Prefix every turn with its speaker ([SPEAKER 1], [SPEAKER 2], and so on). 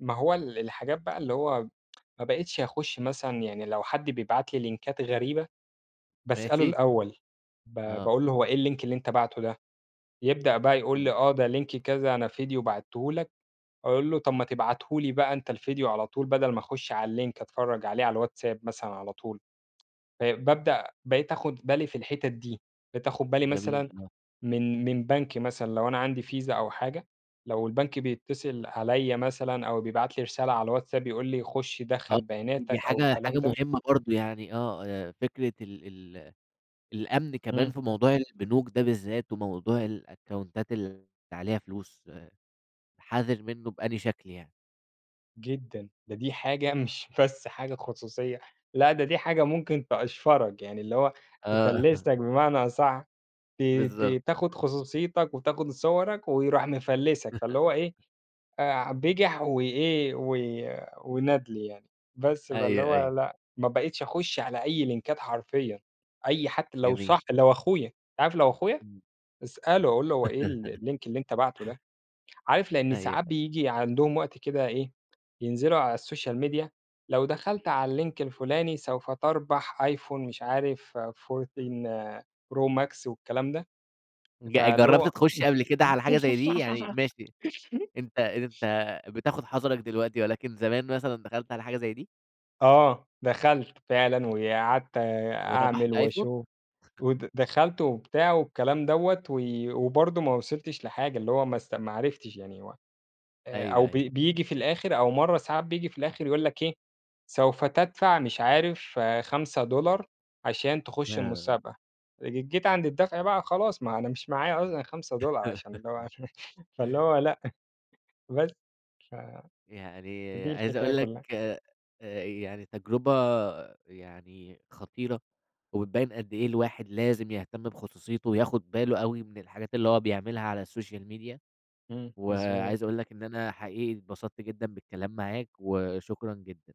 [SPEAKER 1] ما هو ال الحاجات بقى اللي هو ما بقيتش أخش مثلًا يعني لو حد بيبعت لي لينكات غريبة، باسأله
[SPEAKER 2] ماشي.
[SPEAKER 1] الأول ب
[SPEAKER 2] آه.
[SPEAKER 1] باقول له: "هو إيه الLink اللي أنت باعته ده،" يبدأ بقى يقول لي:
[SPEAKER 2] إمم.
[SPEAKER 1] "آه ده Link كذا، أنا فيديو بعتّه لك،" أقول له: "طب ما تبعته لي بقى أنت الفيديو على طول بدل ما أخش على الLink أتفرَّج عليه على الواتساب مثلًا على طول،" آآ بابدأ بقيت آخد بالي في الحتت دي، بقيت آخد بالي
[SPEAKER 2] جميل،
[SPEAKER 1] مثلًا،
[SPEAKER 2] آه.
[SPEAKER 1] من من بنك مثلًا لو أنا عندي فيزا أو حاجة، لو البنك بيتصل عليَّ مثلًا أو بيبعت لي رسالة على الواتساب يقول لي: "خش
[SPEAKER 2] آه،
[SPEAKER 1] دخَّل
[SPEAKER 2] دي
[SPEAKER 1] بياناتك" أو
[SPEAKER 2] حاجة
[SPEAKER 1] الكلام
[SPEAKER 2] حاجة
[SPEAKER 1] ده
[SPEAKER 2] مهمّة برضه يعني آه، آآ فكرة ال ال الأمن كمان
[SPEAKER 1] إمم.
[SPEAKER 2] في موضوع البنوك ده بالذات وموضوع الأكاونتات اللي عليها فلوس، حَذِر منه بأنهي شكل يعني؟
[SPEAKER 1] جدًا، ده دي حاجة مش بس حاجة خصوصية، لأ ده دي حاجة ممكن تقشفرك، يعني اللي هو
[SPEAKER 2] آه.
[SPEAKER 1] تفلّسك بمعنى أصَح، ت
[SPEAKER 2] بالضبط.
[SPEAKER 1] ت تاخد خصوصيتك وتاخد صوَرك ويروح مفلّسك، فاللي هو إيه، آآ بجح و إيه و وندل يعني، بس فاللي
[SPEAKER 2] أيوه،
[SPEAKER 1] هو
[SPEAKER 2] أيوه.
[SPEAKER 1] لأ، ما بقيتش أخش على أي لينكات حرفيًا، أي حتّى لو صاح
[SPEAKER 2] جميل.
[SPEAKER 1] لو أخويا، عارف لو أخويا،
[SPEAKER 2] إمم.
[SPEAKER 1] اسأله أقول له: "هو إيه ال الLink اللي أنت باعته ده؟" عارف لإن
[SPEAKER 2] أيوه، أيوه.
[SPEAKER 1] ساعات بييجي عندهم وقت كده إيه، ينزلوا على الSocial media، لو دخلت على الLink الفلاني سوف تربح iphone مش عارف 14 Pro Max والكلام ده،
[SPEAKER 2] ج
[SPEAKER 1] فاللي
[SPEAKER 2] جرَّبت
[SPEAKER 1] هو
[SPEAKER 2] تخش قبل كده على حاجة زي دي؟ يعني ماشي أنت أنت بتاخد حذرك دلوقتي، ولكن زمان مثلًا دخلت على حاجة زي دي؟
[SPEAKER 1] آه، دخلت فعلًا وقعدت آآ أعمل
[SPEAKER 2] وربحت آيفون؟
[SPEAKER 1] وأشوف، ود دخلت وبتاع والكلام دوّة، و وبرضه ما وصلتش لحاجة، اللي هو ما اسـت ما عرفتش يعني و
[SPEAKER 2] أيوه،
[SPEAKER 1] أو ب
[SPEAKER 2] أيوه.
[SPEAKER 1] بييجي في الآخر أو مَرّة ساعات بييجي في الآخر يقول لك إيه، سوف تدفع مش عارف $5 عشان تخش
[SPEAKER 2] آه.
[SPEAKER 1] المسابقة، ج جيت عند الدفع بقى خلاص ما أنا مش معايا اصلًا $5 عشان اللي هو فاللي هو لأ، بس ف
[SPEAKER 2] يعني
[SPEAKER 1] دي
[SPEAKER 2] عايز
[SPEAKER 1] الحكاية
[SPEAKER 2] أقول لك
[SPEAKER 1] كلّها.
[SPEAKER 2] آآ يعني تجربة، يعني خطيرة، وبتبين قد إيه الواحد لازم يهتم بخصوصيته وياخد باله أوي من الحاجات اللي هو بيعملها على الSocial media،
[SPEAKER 1] إمم، مضبوط.
[SPEAKER 2] وعايز أقول لك إن أنا حقيقي اتبسطت جدًا بالكلام معاك، وشكرًا جدًا.